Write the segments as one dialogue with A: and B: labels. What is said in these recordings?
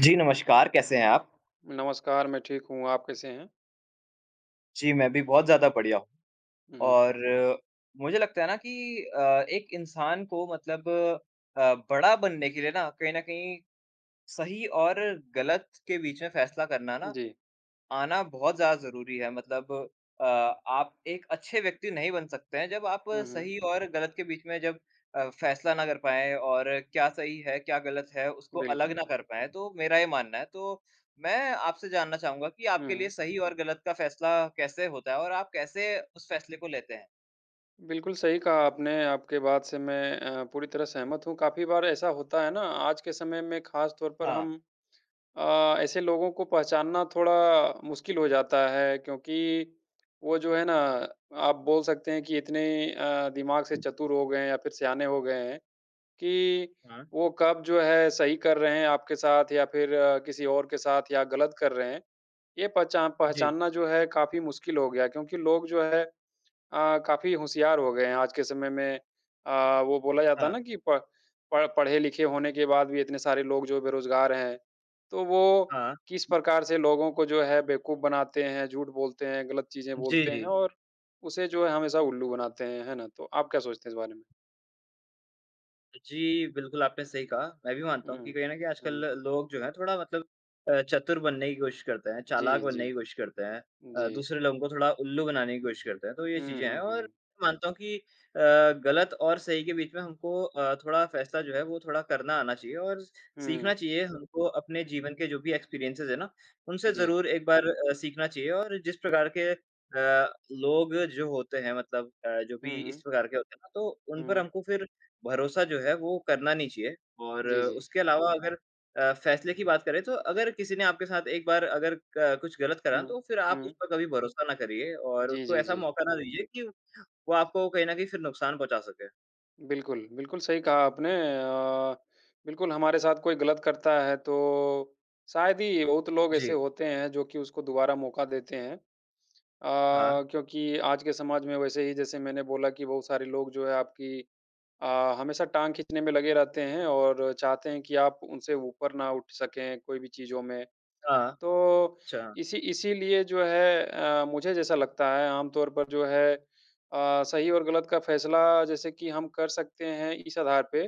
A: जी, नमस्कार कैसे हैं आप?
B: नमस्कार, मैं ठीक हूँ, आप कैसे हैं?
A: जी, मैं भी बहुत ज़्यादा बढ़िया हूँ।
B: हुँ, हुँ।
A: और मुझे लगता है ना कि अ, एक इंसान को मतलब अ, बड़ा बनने के लिए ना कहीं न कहीं सही और ग़लत के बीच में फ़ैसला करना ना,
B: जी।
A: आना बहुत ज़्यादा ज़रूरी है। मतलब अ, आप एक अच्छे व्यक्ति नहीं बन सकते हैं। जब आप
B: हुँ, हुँ।
A: सही और ग़लत के बीच में जब अ, फ़ैसला ना कर पाए और क्या सही है क्या ग़लत है उसको अलग
B: बिल्कुल।
A: ना कर पाए, तो मेरा ये मानना है। तो मैं आपसे जानना चाहूँगा कि आपके लिए
B: हुँ।
A: सही और गलत का फ़ैसला कैसे होता है और आप कैसे उस फ़ैसले को लेते हैं?
B: बिल्कुल, सही कहा आपने, आपकी बात से मैं अ, पूरी तरह सहमत हूँ। काफ़ी बार ऐसा होता है ना, आज के समय में ख़ास तौर पर
A: हाँ।
B: हम अ, ऐसे लोगों को पहचानना थोड़ा मुश्किल हो जाता है। क्योंकि वो जो है ना आप बोल सकते हैं कि इतने अ, दिमाग़ से चतुर हो गए हैं या फ़िर सयाने हो गए हैं कि
A: हाँ।
B: वो कब जो है सही कर रहे हैं आपके साथ या फ़िर किसी और के साथ या ग़लत कर रहे हैं ये पहचान
A: जी।
B: पहचानना जो है काफ़ी मुश्किल हो गया। क्योंकि लोग जो है अ, काफ़ी होशियार हो गए हैं आज के समय में अ, वो बोला जाता है
A: हाँ।
B: ना कि प प पढ़ पढ़े-लिखे होने के बाद भी इतने सारे लोग जो बेरोज़गार हैं। तो वो
A: हाँ।
B: किस प्रकार से लोगों को जो है बेवकूफ़ बनाते हैं, झूठ बोलते हैं, ग़लत चीज़ें
A: जी,
B: बोलते हैं
A: जी।
B: और उसे जो है हमेशा उल्लू बनाते हैं। है ना? तो आप क्या सोचते हैं इस बारे में?
A: जी, बिल्कुल, आपने सही कहा। मैं भी मानता हूँ कि
B: हुँ।
A: कहीं न कहीं, आजकल
B: हुँ।
A: लोग जो हैं, थोड़ा मतलब अ, चतुर बनने की कोशिश करते हैं, चालाक
B: जी, जी।
A: बनने की कोशिश करते हैं अ,
B: जी।
A: दूसरे लोगों को थोड़ा उल्लू बनाने की कोशिश करते हैं। तो ये
B: हुँ,
A: चीज़ें हैं,
B: हुँ,
A: और
B: हुँ।
A: मैं मानता हूँ कि अ, गलत और सही के बीच में हमको अ, थोड़ा फ़ैसला जो है, वो थोड़ा करना आना चाहिए और
B: हुँ।
A: सीखना चाहिए। हमको अपने जीवन के जो भी एक्सपीरियंसेज़ हैं ना, उनसे
B: जी।
A: ज़रूर एक बार अ, सीखना चाहिए और जिस प्रकार के अ, लोग जो होते हैं मतलब अ, जो
B: हुँ,
A: भी इस
B: हुँ।
A: प्रकार के होते हैं ना, तो उन पर
B: हुँ।
A: हमको फिर भरोसा जो है, वो करना नहीं चाहिए और
B: जी, जी।
A: उसके अलावा, अगर अ, फ़ैसले की बात करें, तो अगर किसी ने आपके साथ एक बार अगर क कुछ गलत करा,
B: हुँ,
A: तो फिर आप उस
B: हुँ।
A: पर कभी भरोसा ना करिए और
B: जी,
A: उसको
B: जी,
A: ऐसा
B: जी।
A: मौका ना दीजिए कि वो आपको कहीं न कहीं फिर नुकसान पहुँचा सके।
B: बिल्कुल, बिल्कुल सही कहा आपने। अ, बिल्कुल, हमारे साथ कोई गलत करता है, तो शायद ही बहुत लोग ऐसे
A: जी।
B: होते हैं, जो कि उसको दोबारा मौका देते हैं। अ,
A: हाँ।
B: क्योंकि आज के समाज में वैसे ही, जैसे मैंने बोला कि बहुत सारे लोग जो हैं, आपकी अ, हमेशा टाँग खींचने में लगे रहते हैं और चाहते हैं कि आप उनसे ऊपर ना उठ सकें, कोई भी चीज़ों में।
A: हाँ।
B: तो
A: अच्छा।
B: इसी इसीलिए जो है अ, मुझे जैसा लगता है, आम तौर पर जो है अ, सही और गलत का फ़ैसला, जैसे कि हम कर सकते हैं, इस आधार पे,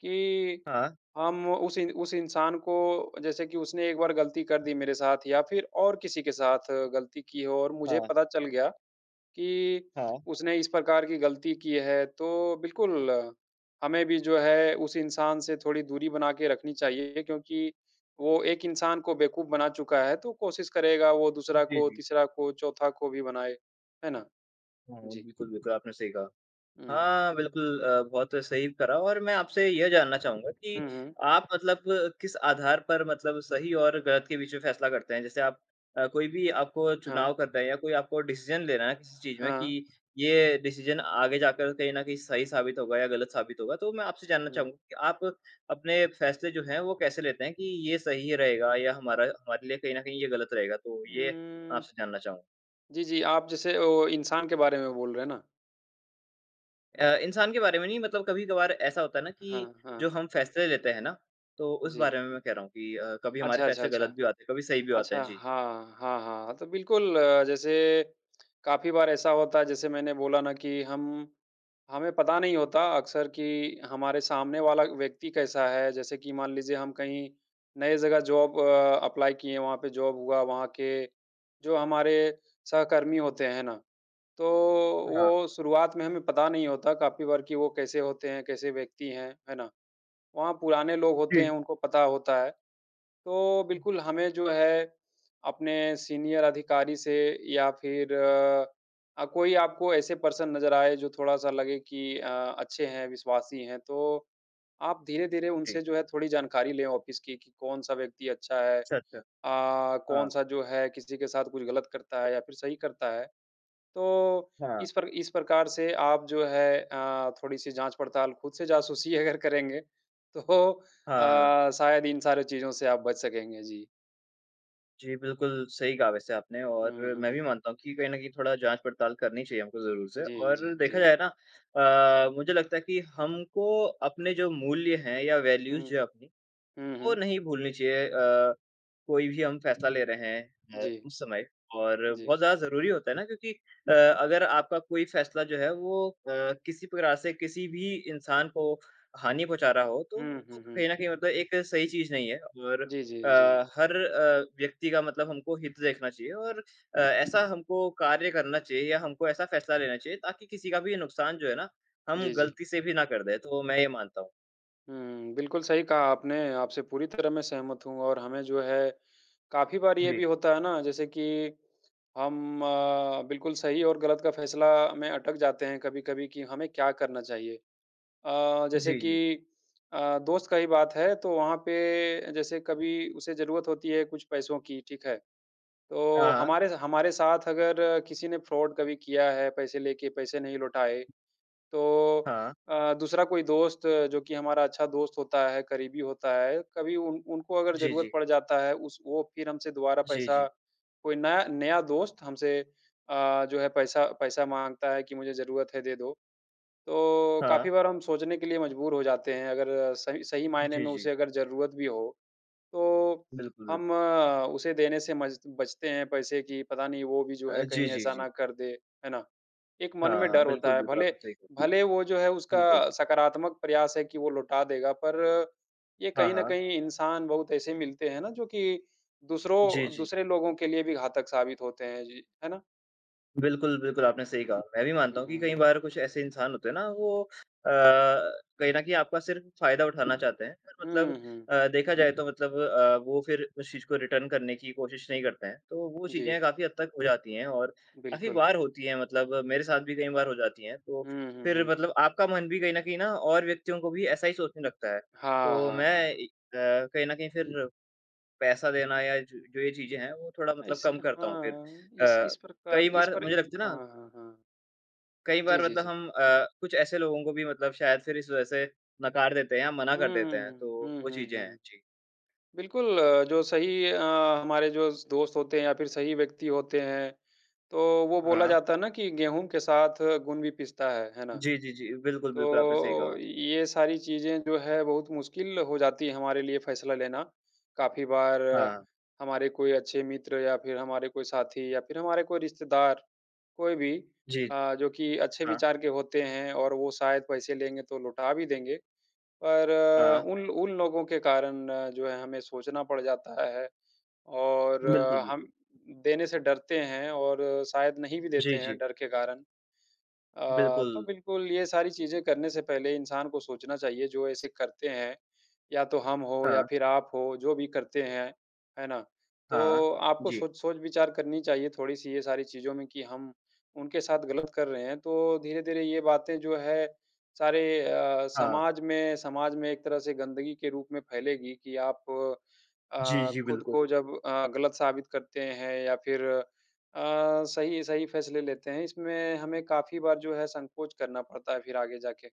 B: कि
A: हाँ।
B: हम उस इ उस इंसान को जैसे कि उसने एक बार गलती कर दी मेरे साथ या फिर और किसी के साथ गलती की हो और मुझे
A: हाँ।
B: पता चल गया, कि
A: हाँ।
B: उसने इस प्रकार की गलती की है, तो बिल्कुल, हमें भी जो है, उस इंसान से थोड़ी दूरी बना के रखनी चाहिए, क्योंकि वो एक इंसान को बेवकूफ़ बना चुका है, तो कोशिश करेगा वो दूसरा
A: जी,
B: को,
A: जी।
B: तीसरा को, चौथा को भी बनाए। है ना?
A: हुँ,
B: जी।
A: बिल्कुल, बिल्कुल, आपने सही कहा।
B: हुँ।
A: हाँ, बिल्कुल अ, बहुत सही करा और मैं आपसे यह जानना चाहूँगा कि
B: हुँ, हुँ।
A: आप मतलब किस आधार पर मतलब सही और गलत के बीच में फ़ैसला करते हैं? जैसे आप अ, कोई भी आपको
B: हाँ।
A: चुनाव करना है या कोई आपको डिसीज़न लेना है, किसी चीज़ में
B: हाँ।
A: कि ये डिसीज़न आगे जाकर कहीं न कहीं सही साबित होगा या गलत साबित होगा, तो मैं आपसे जानना
B: हुँ।
A: चाहूँगा कि आप अपने फ़ैसले जो हैं, वो कैसे लेते हैं कि ये सही रहेगा या हमारा हमारे लिए कहीं न कहीं ये गलत रहेगा? तो ये
B: उम
A: आपसे जानना चाहूँगा।
B: जी, जी, आप जैसे ओ इंसान के बारे में बोल रहे हैं ना।
A: अ, इंसान के बारे में नहीं, मतलब कभी-कभार ऐसा होता है ना कि
B: हाँ,
A: जो
B: हाँ।
A: हम फ़ैसले लेते हैं ना, तो उस
B: जी।
A: बारे में मैं कह रहा हूँ कि अ, कभी हमारे
B: अच्छा, अच्छा,
A: फ़ैसले
B: अच्छा।
A: गलत भी हो जाते हैं, कभी सही भी हो जाते
B: अच्छा,
A: हैं। जी, जी।
B: हाँ, हाँ, हाँ। तो बिल्कुल, जैसे काफ़ी बार ऐसा होता है, जैसे मैंने बोला ना कि हम हमें पता नहीं होता, अक्सर कि हमारे सामने वाला व्यक्ति कैसा है। जैसे कि मान लीजिए, हम कहीं नए जगह जॉब अ, अप्लाई किए हैं, वहाँ पे जॉब हुआ, वहाँ के जो हमारे सहकर्मी होते हैं, है ना? तो
A: हाँ।
B: वो, शुरुआत में हमें पता नहीं होता काफ़ी बार कि वो कैसे होते हैं, कैसे व्यक्ति हैं, है ना? वहाँ पुराने लोग होते हैं,
A: जी।
B: उनको पता होता है। तो
A: हुँ।
B: बिल्कुल, हमें जो है, अपने सीनियर अधिकारी से, या फिर अ, कोई आपको ऐसे पर्सन नज़र आएँ, जो थोड़ा-सा लगे कि अ, अच्छे हैं, विश्वासी हैं, तो आप धीरे-धीरे
A: जी।
B: उनसे, जो है, थोड़ी जानकारी लें ऑफ़िस की, कि कौन-सा व्यक्ति अच्छा है? अ,
A: अच्छा, अच्छा। हाँ।
B: कौन-सा, जो है, किसी के साथ कुछ गलत करता है, या फिर सही करता है? तो
A: हाँ।
B: इस पर इस प्रकार से आप, जो है अ, थोड़ी-सी जाँच-पड़ताल, खुद से जासूसी अगर करेंगे, तो
A: हाँ, हाँ।
B: अ, शायद इन सारे चीज़ों से आप बच सकेंगे। जी।
A: जी, बिल्कुल सही कहा वैसे आपने
B: हुँ,
A: और मैं भी
B: हुँ।
A: मानता हूँ कि कहीं न कहीं थोड़ा जाँच-पड़ताल करनी चाहिए हमको ज़रूर से।
B: जी, जी,
A: और देखा
B: जी।
A: जाए ना अ, मुझे लगता है कि हमको अपने जो मूल्य हैं या वैल्यूज
B: हुँ।
A: जो है अपनी,
B: हुँ,
A: वो
B: हुँ।
A: नहीं भूलनी चाहिए। अ, कोई भी हम फैसला ले रहे हैं अ,
B: जी।
A: उस समय और
B: जी।
A: बहुत ज़्यादा ज़रूरी होता है ना क्योंकि अ, अगर आपका कोई फैसला जो है, वो अ, किसी पूरा से किसी भी इंसान को हानि पहुँचा रहा हो, तो
B: हुँ,
A: वो
B: हुँ,
A: तो
B: हुँ।
A: कहीं न कहीं मतलब एक सही चीज़ नहीं है। और
B: जी,
A: अ,
B: जी, जी।
A: हर अ, व्यक्ति का मतलब हमको हित देखना चाहिए और अ, ऐसा हमको कार्य करना चाहिए या हमको ऐसा फैसला लेना चाहिए ताकि किसी का भी नुकसान जो है ना, हम
B: जी, जी।
A: गलती से भी ना कर दें, तो वो मैं ये मानता हूँ।
B: हुँ, बिल्कुल सही कहा आपने, आपसे पूरी तरह मैं सहमत हूँ और हमें जो है, काफ़ी बार ये भी
A: जी।
B: होता है ना जैसे कि हम अ, बिल्कुल सही और गलत का फैसला में अटक जाते हैं कभी-कभी कि हमें क्या करना चाहिए? अ, जैसे
A: जी, जी।
B: कि अ, दोस्त का ही बात है, तो वहाँ पे जैसे कभी उसे ज़रूरत होती है कुछ पैसों की, ठीक है? तो
A: हाँ।
B: हमारे ज हमारे साथ अगर किसी ने फ्रॉड कभी किया है, पैसे लेके पैसे नहीं लौटाए, तो
A: हाँ।
B: अ, दूसरा कोई दोस्त जो कि हमारा अच्छा दोस्त होता है, करीबी होता है, कभी उन उनको अगर
A: जी,
B: ज़रूरत
A: जी।
B: पड़ जाता है, उस वो फिर हमसे दोबारा
A: जी,
B: पैसा
A: जी।
B: कोई ना नया दोस्त हमसे अ, जो है पैसा पैसा माँगता है कि मुझे ज़रूरत है, दे दो। तो,
A: हाँ।
B: काफ़ी बार हम सोचने के लिए मजबूर हो जाते हैं अगर सइ सही मायने
A: जी,
B: में
A: जी।
B: उसे अगर ज़रूरत भी हो, तो
A: बिल्कुल,
B: हम
A: बिल्कुल।
B: उसे देने से मज बचते हैं पैसे की पता नहीं वो भी जो
A: अ,
B: है
A: जी,
B: कहीं
A: जी,
B: ऐसा
A: जी।
B: ना कर दे, है ना? एक मन
A: हाँ,
B: में
A: हाँ।
B: डर
A: बिल्कुल,
B: होता है,
A: बिल्कुल,
B: भले
A: आपने सही कहा।
B: भले वो जो है उसका
A: बिल्कुल।
B: सकारात्मक प्रयास है कि वो लौटा देगा, पर ये
A: हाँ,
B: कहीं न
A: हाँ।
B: कहीं इंसान बहुत ऐसे मिलते हैं ना जो कि
A: जी,
B: दूसरों
A: जी।
B: दूसरे लोगों के लिए भी घातक साबित होते हैं। जी, है ना?
A: बिल्कुल, बिल्कुल, आपने सही कहा। मैं भी मानता
B: हुँ,
A: हूँ कि कई
B: हुँ।
A: बार कुछ ऐसे इंसान होते हैं ना, वो अ, कहीं न कहीं आपका सिर्फ फायदा उठाना चाहते हैं, और
B: हुँ,
A: मतलब
B: हुँ।
A: अ, देखा जाए तो मतलब अ, वो फिर उस चीज़ को रिटर्न करने की कोशिश नहीं करते हैं। तो वो
B: जी।
A: चीज़ें काफ़ी हद तक हो जाती हैं और काफ़ी
B: बिल्कुल।
A: बार होती हैं मतलब मेरे साथ भी कई बार हो जाती हैं। तो
B: हुँ, हुँ,
A: फिर
B: हुँ।
A: मतलब आपका मन भी कहीं न कहीं ना और व्यक्तियों को भी ऐसा ही सोचने लगता है।
B: हाँ,
A: तो
B: हाँ,
A: मैं
B: हाँ।
A: ए अ, कहीं न कहीं फिर पैसा देना या जो जो ये चीज़ें हैं, वो थोड़ा
B: अ,
A: मतलब
B: इस
A: कम करता हूँ फिर।
B: हाँ, इस
A: अ,
B: इस
A: कई
B: प्रकार इस
A: बार
B: पर
A: मुझे लगता है
B: हाँ,
A: ना
B: हाँ, हाँ।
A: कई
B: जी,
A: बार
B: जी,
A: मतलब
B: जी।
A: हम अ, कुछ ऐसे लोगों को भी मतलब शायद फिर इस वजह से नकार देते हैं या मना
B: हुँ,
A: कर देते
B: हुँ,
A: हैं, तो
B: हुँ। हुँ,
A: वो
B: हुँ,
A: चीज़ें हैं।
B: हुँ।
A: जी।
B: बिल्कुल अ, जो सही अ, हमारे जो स दोस्त होते हैं या फिर सही व्यक्ति होते हैं, तो वो बोला
A: हाँ।
B: जाता है ना कि गेहूँ के साथ घुन भी पिसता है, है ना।
A: जी, जी, जी। बिल्कुल,
B: तो
A: बिल्कुल, आपने सही
B: ओ
A: कहा।
B: ये सारी चीज़ें जो हैं बहुत मुश्किल हो जाती है हमारे लिए फैसला लेना। काफ़ी बार
A: हाँ।
B: हमारे कोई अच्छे मित्र या फिर हमारे कोई साथी या फिर हमारे कोई रिश्तेदार, कोई भी
A: जी।
B: अ, जो कि अच्छे
A: हाँ।
B: विचार के होते हैं और वो शायद पैसे लेंगे तो लौटा भी देंगे, पर
A: हाँ।
B: उन ल उन लोगों के कारण जो है हमें सोचना पड़ जाता है और
A: बिल्कुल,
B: हम
A: बिल्कुल।
B: देने से डरते हैं और शायद नहीं भी
A: जी,
B: देते हैं
A: जी।
B: डर के कारण। अ, तो
A: बिल्कुल।
B: बिल्कुल ये सारी चीज़ें करने से पहले इंसान को सोचना चाहिए जो ऐसे करते हैं, या तो हम हों या
A: हाँ।
B: फिर आप हों, जो भी करते हैं, है ना।
A: हाँ।
B: तो आपको
A: जी।
B: सोच सोच-विचार करनी चाहिए थोड़ी-सी ये सारी चीज़ों में कि हम उनके साथ गलत कर रहे हैं, तो धीरे-धीरे ये बातें जो है सारे अ,
A: हाँ।
B: समाज में समाज में एक तरह से गंदगी के रूप में फैलेगी कि आप
A: जी,
B: अ,
A: जी,
B: खुद
A: बिल्कुल।
B: को जब अ, गलत साबित करते हैं या फिर अ, सही सही फैसले लेते हैं, इसमें हमें काफ़ी बार जो है संकोच करना पड़ता है फिर आगे जा के।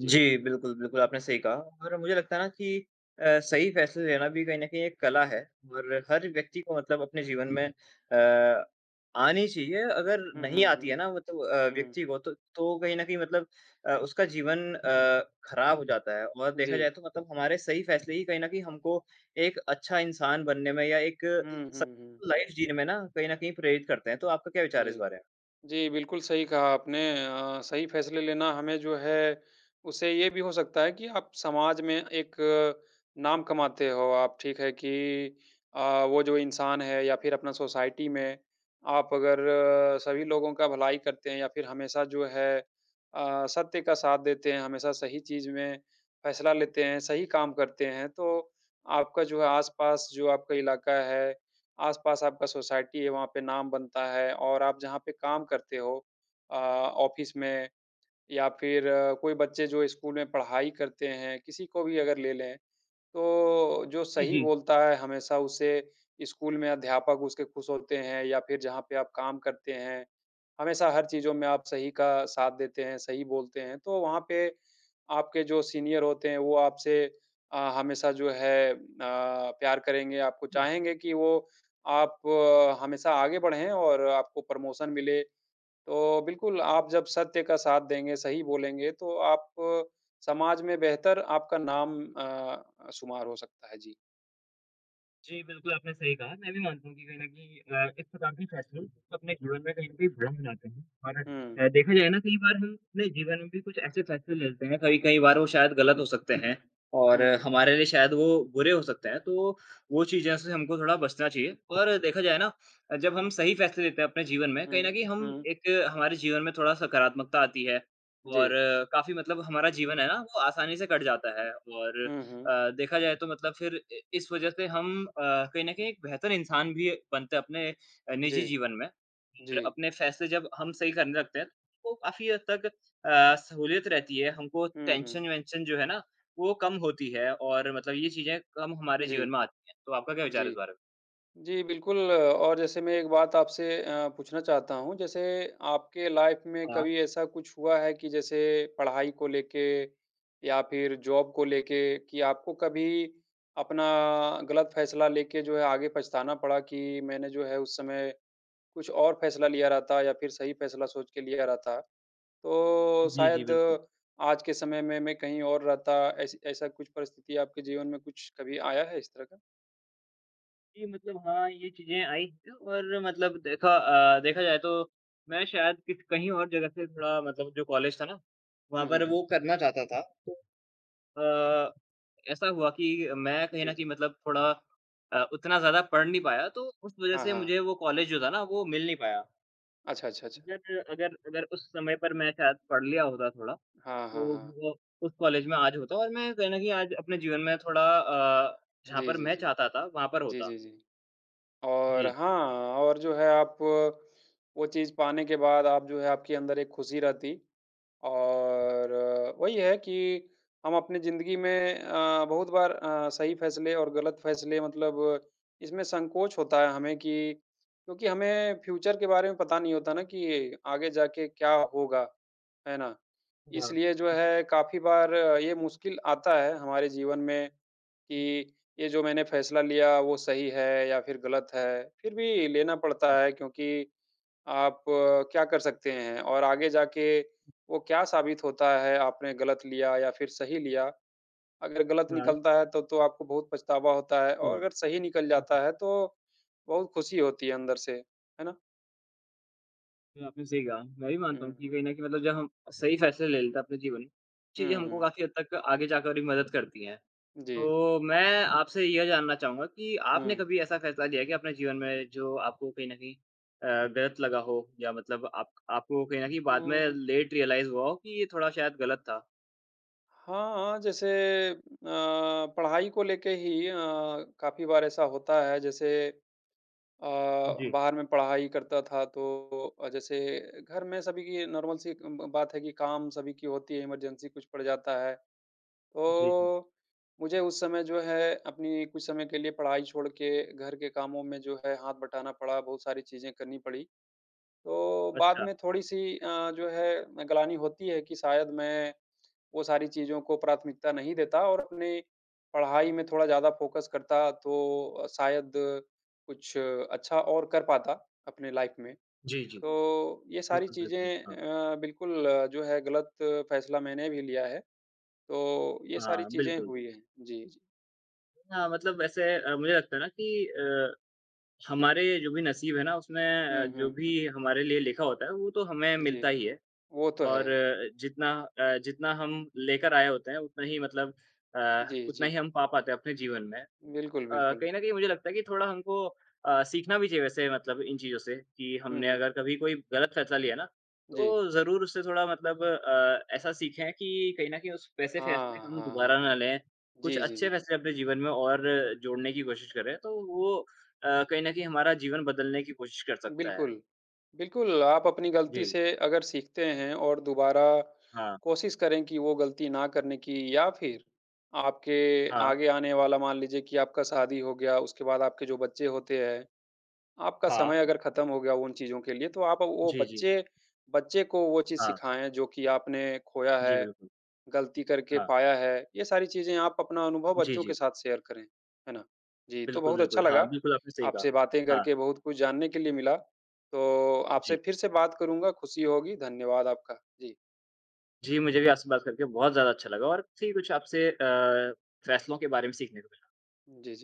B: जी।
A: जी, बिल्कुल, बिल्कुल, आपने सही कहा। और मुझे लगता है ना कि अ, सही फैसले लेना भी कहीं न कहीं एक कला है और हर व्यक्ति को मतलब अपने जीवन में अ, आनी चाहिए। अगर
B: हुँ,
A: नहीं
B: हुँ,
A: आती
B: हुँ।
A: है ना, वत अ,
B: हुँ।
A: व्यक्ति को तो तो वो कहीं न कहीं मतलब अ, उसका जीवन अ, खराब हो जाता है और देखा
B: जी।
A: जाए तो मतलब हमारे सही फैसले ही कहीं न कहीं हमको एक अच्छा इंसान बनने में या एक
B: हुँ,
A: स
B: हुँ, हुँ।
A: लाइफ जीने में ना कहीं न कहीं प्रेरित करते हैं। तो आपका क्या विचार है इस
B: जी।
A: बारे में?
B: जी, बिल्कुल सही कहा आपने। अ, सही फैसले लेना हमें जो है उससे ये भी हो सकता है कि आप समाज में एक नाम कमाते हो आप, ठीक है कि अ, वो जो इंसान है या फिर अपना सोसाइटी में आप अगर सभी लोगों का भलाई करते हैं या फिर हमेशा जो है अ, सत्य का साथ देते हैं, हमेशा सही चीज़ में फैसला लेते हैं, सही काम करते हैं, तो आपका जो है आसपास जो आपका इलाका है, आसपास आपका सोसाइटी है, वहाँ पे नाम बनता है और आप जहाँ पे काम करते हो अ, ऑफिस में, या फिर कोई बच्चे जो स्कूल में पढ़ाई करते हैं, किसी को भी अगर ले लें, तो जो
A: इ
B: सही
A: जी।
B: बोलता है हमेशा, उसे स्कूल में अध्यापक उसके खुश होते हैं या फिर जहाँ पे आप काम करते हैं, हमेशा हर चीज़ों में आप सही का साथ देते हैं, सही बोलते हैं, तो वहाँ पे आपके जो सीनियर होते हैं, वो आपसे अ, हमेशा जो है अ, प्यार करेंगे, आपको
A: हुँ।
B: चाहेंगे कि वो आप हमेशा आगे बढ़ें और आपको प्रमोशन मिले। तो बिल्कुल,
A: हाँ।
B: आप जब सत्य का साथ देंगे, सही बोलेंगे, तो आप समाज में बेहतर आपका नाम अ अ, शुमार हो सकता है, जी।
A: जी, बिल्कुल, आपने सही कहा। मैं भी मानता हूँ कि कहीं न कहीं अ, इस प्रकार के फैसले अपने जीवन में कहीं न कहीं भ्रम लाते हैं, और
B: हुँ।
A: अ, देखा जाए ना कई बार हम अपने जीवन में भी कुछ ऐसे फैसले ले लेते हैं, कई-कई बार वो शायद गलत हो सकते हैं और
B: हुँ।
A: हमारे लिए शायद वो बुरे हो सकते हैं। तो वो चीज़ों से हमको थोड़ा बचना चाहिए, और देखा जाए ना अ, जब हम सही फैसले लेते हैं अपने जीवन में, कहीं न
B: हुँ।
A: कहीं हम
B: हुँ।
A: एक हमारे जीवन में थोड़ा सकारात्मकता आती है, और
B: जी।
A: काफ़ी मतलब हमारा जीवन है ना, वो आसानी से कट जाता है। और
B: हुँ, हुँ।
A: अ, देखा जाए तो मतलब फिर इ इस वज़ह से हम अ, कहीं न कहीं एक बेहतर इंसान भी बनते अपने अ, निजी
B: जी।
A: जीवन में। अगर
B: जी।
A: अपने फैसले जब हम सही करने लगते हैं, तो काफ़ी हद तक अ, सहूलियत रहती है हमको,
B: हुँ, हुँ।
A: टेंशन-वेंशन जो है ना, वो कम होती है और मतलब ये चीज़ें कम हमारे
B: जी,
A: जीवन में आती हैं। तो आपका क्या विचार है इस
B: जी।
A: बारे में?
B: जी, बिल्कुल, और जैसे मैं एक बात आपसे अ, पूछना चाहता हूँ। जैसे आपके लाइफ़ में
A: हाँ।
B: कभी ऐसा कुछ हुआ है कि जैसे पढ़ाई को लेके या फिर जॉब को लेके, कि आपको कभी अपना गलत फैसला लेके जो है आगे पछताना पड़ा कि मैंने जो है उस समय कुछ और फैसला लिया रहता या फिर सही फैसला सोच के लिया रहता, तो
A: जी, जी,
B: शायद
A: बिल्कुल।
B: आज के समय में मैं कहीं और रहता? ऐसी ऐसा कुछ परिस्थिति आपके जीवन में कुछ कभी आया है इस तरह का?
A: जी, मतलब हाँ, ये चीज़ें आईं है और मतलब देखा अ, देखा जाए तो मैं शायद कित कहीं और जगह से थोड़ा मतलब जो कॉलेज था ना वहाँ
B: हुँ,
A: पर
B: हुँ, हुँ।
A: वो करना चाहता था। अ, ऐसा हुआ कि मैं कहीं
B: जी,
A: न कहीं
B: जी।
A: मतलब थोड़ा अ, उतना ज़्यादा पढ़ नहीं पाया तो उस वज़ह
B: हाँ,
A: से
B: हाँ।
A: मुझे वो कॉलेज जो था ना वो मिल नहीं पाया।
B: अच्छा, अच्छा, अच्छा।
A: अगर अगर अगर उस समय पर मैं शायद पढ़ लिया होता थोड़ा
B: हाँ,
A: तो
B: हाँ, हाँ।
A: वो उस कॉलेज में आज होता और मैं कहीं न कहीं आज अपने जीवन में थोड़ा अ, जहाँ
B: जी,
A: पर
B: जी,
A: मैं
B: जी।
A: चाहता था वहाँ पर
B: जी,
A: होता।
B: जी, जी। और
A: जी।
B: हाँ और जो है आप वो चीज़ पाने के बाद आप जो है आपके अंदर एक खुशी रहती और वही है कि हम अपनी ज़िंदगी में अ, बहुत बार अ, सही फ़ैसले और गलत फ़ैसले मतलब इसमें संकोच होता है हमें कि क्योंकि हमें फ्यूचर के बारे में पता नहीं होता ना कि आगे जाके क्या होगा, है ना?
A: हाँ।
B: इसलिए जो
A: जी।
B: है काफ़ी बार ये मुश्किल आता है हमारे जीवन में कि ये जो मैंने फ़ैसला लिया वो सही है या फिर गलत है? फिर भी लेना पड़ता है क्योंकि आप क्या कर सकते हैं? और आगे जाके वो क्या साबित होता है, आपने गलत लिया या फिर सही लिया, अगर गलत
A: [unintelligible]
B: निकलता है तो तो आपको बहुत पछतावा होता है
A: हुँ।
B: और अगर सही निकल
A: हुँ, हुँ।
B: जाता है तो बहुत खुशी होती है अंदर से, है ना?
A: आपने सही कहा, मैं भी मानता हूँ कि
B: हुँ।
A: कही न कही मतलब जब हम सही फ़ैसला ले लेते है अपने जीवन में, चीज़ें
B: हुँ,
A: हमको
B: हुँ।
A: काफ़ी हद तक आगे जाकर भी मदद करती हैं।
B: जी।
A: तो मैं आपसे यह जानना चाहूँगा कि आपने
B: हुँ।
A: कभी ऐसा फ़ैसला लिया है कि अपने जीवन में जो आपको कहीं न कहीं अ, गलत लगा हो या मतलब आप आपको कहीं न कहीं बाद में
B: हुँ।
A: लेट रियलाइज़ हुआ हो, कि ये थोड़ा शायद गलत था?
B: हाँ, हाँ, जैसे अ, पढ़ाई को लेके ही अ, काफ़ी बार ऐसा होता है जैसे अ,
A: जी।
B: बाहर में पढ़ाई करता था, तो अ, जैसे घर में सभी की नॉर्मल सी एक ब बात है कि काम सभी की होती है, इमरजेंसी कुछ पड़ जाता है।
A: जी, जी।
B: तो, मुझे उस समय जो है अपनी कुछ समय के लिए पढ़ाई छोड़ के घर के कामों में जो है हाथ बटाना पड़ा, बहुत सारी चीज़ें करनी पड़ी। तो बाद
A: अच्छा।
B: में थोड़ी-सी अ, जो है अ, ग्लानि होती है कि शायद मैं वो सारी चीज़ों को प्राथमिकता नहीं देता और अपने पढ़ाई में थोड़ा ज़्यादा फोकस करता तो अ, शायद कुछ अच्छा और कर पाता, अपनी लाइफ़ में।
A: जी, जी।
B: तो ये सारी
A: बिल्कुल, बिल्कुल,
B: चीज़ें
A: हाँ।
B: अ, बिल्कुल जो है गलत फ़ैसला मैंने भी लिया है, तो ये सारी
A: हाँ,
B: चीज़ें
A: बिल्कुल।
B: हुई हैं। जी, जी।
A: हाँ, मतलब वैसे अ, मुझे लगता है ना कि अ, हमारे जो भी नसीब है ना उसमें अ,
B: हुँ,
A: जो
B: हुँ, हुँ।
A: भी हमारे लिए लिखा होता है, वो तो हमें
B: जी,
A: मिलता ही है।
B: वो तो है।
A: और जितना अ, जितना हम लेकर आए होते हैं उतना ही मतलब अ,
B: जी,
A: उतना ही
B: जी।
A: हम पा पाते हैं अपने जीवन में। अ,
B: बिल्कुल, बिल्कुल।
A: कहीं न कहीं मुझे लगता है कि थोड़ा हमको अ, सीखना भी चाहिए वैसे मतलब इन चीज़ों से कि
B: हुँ,
A: हमने
B: हुँ।
A: अगर कभी कोई गलत फैसला लिया ना,
B: जी।
A: तो ज़रूर उससे थोड़ा मतलब अ, ऐसा सीखें कि कहीं न कहीं उस वैसे
B: हाँ,
A: फैसले हम
B: हाँ, हाँ,
A: दोबारा ना
B: हाँ,
A: लें। कुछ
B: जी, जी,
A: अच्छे
B: जी।
A: फैसले अपने जीवन में और जोड़ने की कोशिश करें, तो वो अ, कहीं न कहीं हमारा जीवन बदलने की कोशिश कर सकता है।
B: बिल्कुल, बिल्कुल। आप अपनी गलती
A: जी।
B: से अगर सीखते हैं और दोबारा
A: हाँ।
B: कोशिश करें कि वो गलती ना करने की या फिर आपके
A: हाँ।
B: आगे आने वाला मान लीजिए कि आपका शादी हो गया, उसके बाद आपके जो बच्चे होते हैं, आपका
A: हाँ।
B: समय अगर खत्म हो गया उन चीज़ों के लिए, तो आप अ, वो
A: जी, जी।
B: बच्चे, बच्चे को वो चीज़
A: हाँ।
B: सिखाएँ जो कि आपने खोया
A: जी,
B: है,
A: बिल्कुल।
B: गलती करके
A: हाँ।
B: पाया है। ये सारी चीज़ें आप अपना अनुभव
A: जी,
B: बच्चों के
A: जी।
B: साथ शेयर करें, है ना? जी, तो
A: बिल्कुल,
B: बहुत अच्छा
A: बिल्कुल, हाँ,
B: लगा,
A: बिल्कुल, आपने सही कहा।
B: आपसे बातें
A: हाँ।
B: करके, बहुत कुछ जानने के लिए मिला, तो आपसे
A: जी।
B: फिर से बात करूँगा, खुशी होगी, धन्यवाद आपका। जी।
A: जी, मुझे भी आपसे बात करके बहुत ज़्यादा अच्छा लगा और काफ़ी कुछ आपसे अ, फैसलों के बारे में सीखने को मिला।
B: जी, जी।